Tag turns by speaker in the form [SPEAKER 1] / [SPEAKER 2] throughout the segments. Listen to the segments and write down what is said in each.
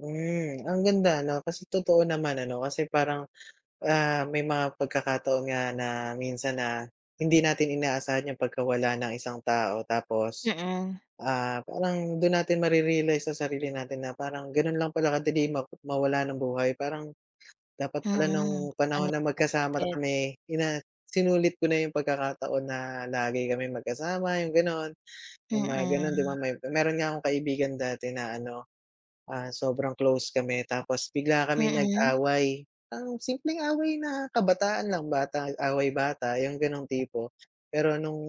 [SPEAKER 1] Hmm. Ang ganda, 'no, kasi totoo naman, ano, kasi parang, ah, may mga pagkakataon nga na minsan na hindi natin inaasahan 'yong pagkawala ng isang tao. Tapos,
[SPEAKER 2] Mm.
[SPEAKER 1] ah, parang do'n natin marerealize sa sarili natin na parang gano'n lang pala kadali ma mawala ng buhay. Parang dapat pala
[SPEAKER 2] Mm,
[SPEAKER 1] no'ng panahon na magkasama na
[SPEAKER 2] unexpected.
[SPEAKER 1] kami ina sinulit ko na 'yong pagkakataon na lagi kaming magkasama 'yong gano'n. 'Yong mga gano'n, 'di ba.
[SPEAKER 2] Mm.
[SPEAKER 1] May mayro'n nga akong kaibigan dati na ano, ah, sobrang close kami. Tapos bigla kami
[SPEAKER 2] Mm.
[SPEAKER 1] nag-away, um, simpleng away na kabataan lang, bata away-bata 'yong gano'ng tipo. Pero no'ng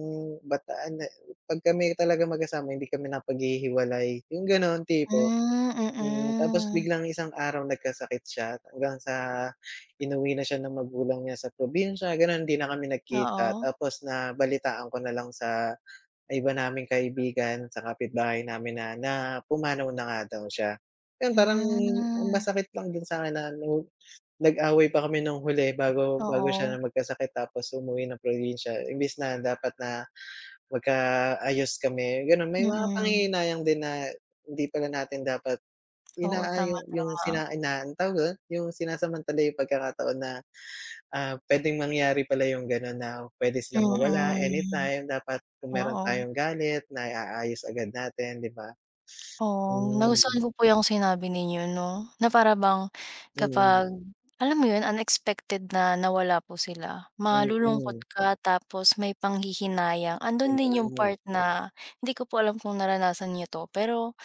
[SPEAKER 1] bataan na 'pag kami talaga magkasama hindi kami napaghihiwalay, 'yong gano'n tipo.
[SPEAKER 2] Hmm,
[SPEAKER 1] Hmm. Tapos
[SPEAKER 2] mm.
[SPEAKER 1] biglang isang araw nagkasakit siya hanggang sa inuwi na siya ng magulang niya sa probinsya, gano'n. Hindi na kami nagkita.
[SPEAKER 2] Oo.
[SPEAKER 1] Tapos nabalitaan ko na lang sa sa iba naming kaibigan, sa kapit-bahay namin na na pumanaw na nga daw siya. 'Yon parang ang
[SPEAKER 2] Hmm.
[SPEAKER 1] masakit lang din sa'kin na, ano, nag-away pa kami no'ng huli bago bago siya
[SPEAKER 2] Oo.
[SPEAKER 1] na magkasakit tapos umuwi ng probinsya. Imbes na dapat na magkaayos kami, gano'n. May mga
[SPEAKER 2] Mm.
[SPEAKER 1] panghihinayang din na, hindi pala natin dapat
[SPEAKER 2] Oo, tama,
[SPEAKER 1] inaayo 'yong
[SPEAKER 2] tama.
[SPEAKER 1] sina inaa tawag mo do'n? 'Yong sinasamantala 'yong pagkakataon na, ah, puwedeng mangyari pala 'yong gano'n na puwede silang mawala
[SPEAKER 2] Mm.
[SPEAKER 1] anytime. Dapat kung mayro'n
[SPEAKER 2] Oo.
[SPEAKER 1] tayong galit, naiaayos agad natin, 'di ba?
[SPEAKER 2] Oh,
[SPEAKER 1] Hmm.
[SPEAKER 2] nagustuhan ko po 'yong sinabi ninyo, 'no, na para bang
[SPEAKER 1] Mm.
[SPEAKER 2] kapag alam mo 'yon unexpected na nawala po sila, malulungkot
[SPEAKER 1] Mm.
[SPEAKER 2] ka tapos may panghihinayang. Ando'n din 'yong
[SPEAKER 1] Mm.
[SPEAKER 2] part na hindi ko po alam kung naranasan niya 'to pero,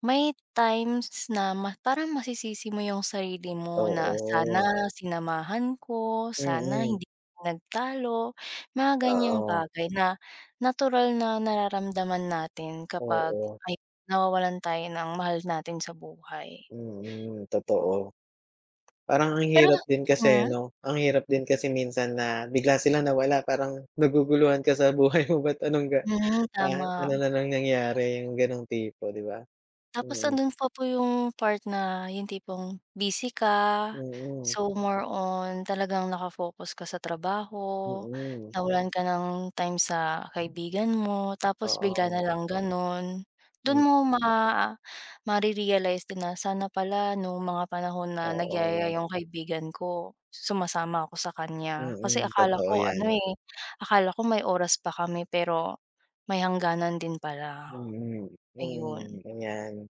[SPEAKER 2] may times na ma parang masisisi mo 'yong sarili mo na
[SPEAKER 1] Oo.
[SPEAKER 2] sana sinamahan ko, sana
[SPEAKER 1] Mm.
[SPEAKER 2] hindi nagtalo, mga ganiyang
[SPEAKER 1] Oo.
[SPEAKER 2] bagay na, natural na nararamdaman natin kapag,
[SPEAKER 1] Oo.
[SPEAKER 2] ayon, nawawalan tayo ng mahal natin sa buhay.
[SPEAKER 1] Mm, totoo. Parang ang
[SPEAKER 2] Pero
[SPEAKER 1] hirap din kasi,
[SPEAKER 2] hmm?
[SPEAKER 1] 'no? Ang hirap din kasi minsan na bigla sila nawala parang naguguluhan ka sa buhay mo ba't anong ga
[SPEAKER 2] Hmm.
[SPEAKER 1] pa ano
[SPEAKER 2] tama.
[SPEAKER 1] na nang nangyari, 'yong gano'ng tipo, 'di ba,
[SPEAKER 2] Tapos
[SPEAKER 1] mm.
[SPEAKER 2] ando'n pa po 'yong part na 'yong tipong busy ka,
[SPEAKER 1] Mm.
[SPEAKER 2] so more on talagang naka-focus ka sa trabaho.
[SPEAKER 1] Mm.
[SPEAKER 2] Nawalan ka ng time sa kaibigan mo tapos bigla na
[SPEAKER 1] Oo.
[SPEAKER 2] lang gano'n. Do'n
[SPEAKER 1] Mm.
[SPEAKER 2] mo ma mare-realize din na, "Sana pala no'ng mga panahon na nagyayaya
[SPEAKER 1] Oo.
[SPEAKER 2] 'yong kaibigan ko sumasama ako sa kaniya. Kasi
[SPEAKER 1] Mm,
[SPEAKER 2] akala
[SPEAKER 1] totoo
[SPEAKER 2] ko ano,
[SPEAKER 1] 'yan.
[SPEAKER 2] eh, akala ko may oras pa kami pero may hangganan din pala."
[SPEAKER 1] Mm.
[SPEAKER 2] Ayun.
[SPEAKER 1] Mm, ayan.